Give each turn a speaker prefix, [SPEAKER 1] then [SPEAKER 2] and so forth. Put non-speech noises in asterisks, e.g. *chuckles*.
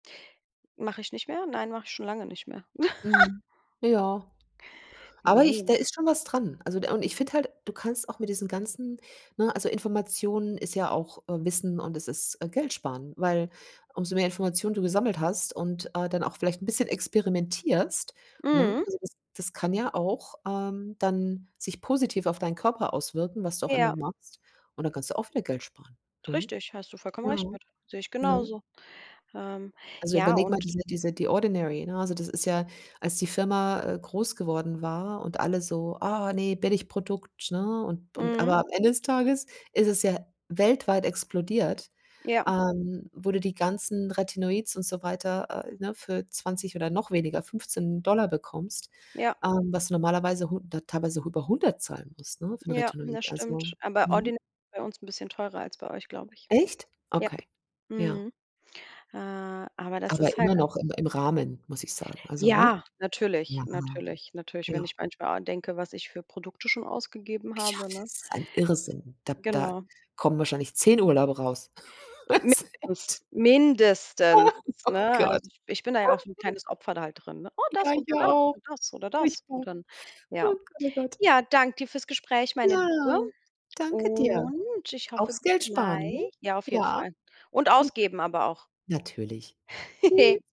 [SPEAKER 1] Mache ich nicht mehr? Nein, mache ich schon lange nicht mehr. *laughs*
[SPEAKER 2] Mhm. Ja. Aber ich
[SPEAKER 1] Ne.
[SPEAKER 2] da ist schon was dran. Also de und ich finde halt, du kannst auch mit diesen ganzen ne, also Informationen ist ja auch, äh, Wissen und es ist, äh, Geldsparen. Weil umso mehr Informationen du gesammelt hast und, äh, dann auch vielleicht 'n bisschen experimentierst, ne,
[SPEAKER 1] Mhm.
[SPEAKER 2] *unintelligible* das das kann ja auch, ähm, dann sich positiv auf deinen Körper auswirken, was du auch
[SPEAKER 1] Ja.
[SPEAKER 2] immer machst, und dann kannst du auch wieder Geld sparen, ne?
[SPEAKER 1] Richtig, hast du vollkommen
[SPEAKER 2] Ja,
[SPEAKER 1] recht mit. Sehe ich
[SPEAKER 2] ne?
[SPEAKER 1] genauso. Ähm,
[SPEAKER 2] Also,
[SPEAKER 1] ja
[SPEAKER 2] überleg mal
[SPEAKER 1] und
[SPEAKER 2] diese diese die Ordinary, ne? Also, das ist ja, als die Firma, äh, groß geworden war und alle so, ah, ne, Billigprodukt, ne? Und und aber
[SPEAKER 1] Mhm.
[SPEAKER 2] am Ende des Tages ist es ja weltweit explodiert,
[SPEAKER 1] Ja.
[SPEAKER 2] ähm, wo du die ganzen Retinoids und so weiter, äh, ne, für 20 oder noch weniger, 15 $ Dollar bekommst,
[SPEAKER 1] Ja.
[SPEAKER 2] ähm, was du normalerweise 100 teilweise auch über 100 zahlen musst, ne, für
[SPEAKER 1] Ja,
[SPEAKER 2] Retinoid,
[SPEAKER 1] das
[SPEAKER 2] also,
[SPEAKER 1] stimmt. Ah, bei
[SPEAKER 2] ne?
[SPEAKER 1] Ordinary ist es bei uns ein bisschen teurer als bei euch, glaube ich.
[SPEAKER 2] Echt?
[SPEAKER 1] Jap,
[SPEAKER 2] Okay, ja.
[SPEAKER 1] mhm, äh, aber das
[SPEAKER 2] Aber
[SPEAKER 1] ist halt
[SPEAKER 2] immer
[SPEAKER 1] ei
[SPEAKER 2] noch im im Rahmen, muss ich sagen. Also, ne,
[SPEAKER 1] Ja, natürlich,
[SPEAKER 2] ja,
[SPEAKER 1] natürlich, natürlich, wenn
[SPEAKER 2] ja.
[SPEAKER 1] ich manchmal an denke, was ich für Produkte schon ausgegeben habe,
[SPEAKER 2] *unintelligible*
[SPEAKER 1] ne?
[SPEAKER 2] Ein Irrsinn. Da da
[SPEAKER 1] Genau.
[SPEAKER 2] kommen wahrscheinlich 10 Urlaube raus. *laughs* Also echt.
[SPEAKER 1] Mindest mindestens,
[SPEAKER 2] Ah, oh
[SPEAKER 1] ne,
[SPEAKER 2] Gott.
[SPEAKER 1] also, ich bin da ja auch so 'n
[SPEAKER 2] *giggles*
[SPEAKER 1] kleines Opfer da halt drin. Oh, das
[SPEAKER 2] Ja,
[SPEAKER 1] oder
[SPEAKER 2] ja,
[SPEAKER 1] das
[SPEAKER 2] oh,
[SPEAKER 1] und das oder das
[SPEAKER 2] furchtbar. Oh
[SPEAKER 1] und dann, ja.
[SPEAKER 2] Gott, oh Gott.
[SPEAKER 1] Ja, danke dir fürs Gespräch, meine Liebe.
[SPEAKER 2] Ja, danke dir.
[SPEAKER 1] Und ich hoffe
[SPEAKER 2] Aufs
[SPEAKER 1] bis
[SPEAKER 2] Geld sparen, ne?
[SPEAKER 1] gleich. Ja, auf jeden
[SPEAKER 2] Ja.
[SPEAKER 1] Fall. Und
[SPEAKER 2] *chuckles*
[SPEAKER 1] ausgeben aber auch.
[SPEAKER 2] Natürlich.
[SPEAKER 1] *chuckles*
[SPEAKER 2] Tschüss.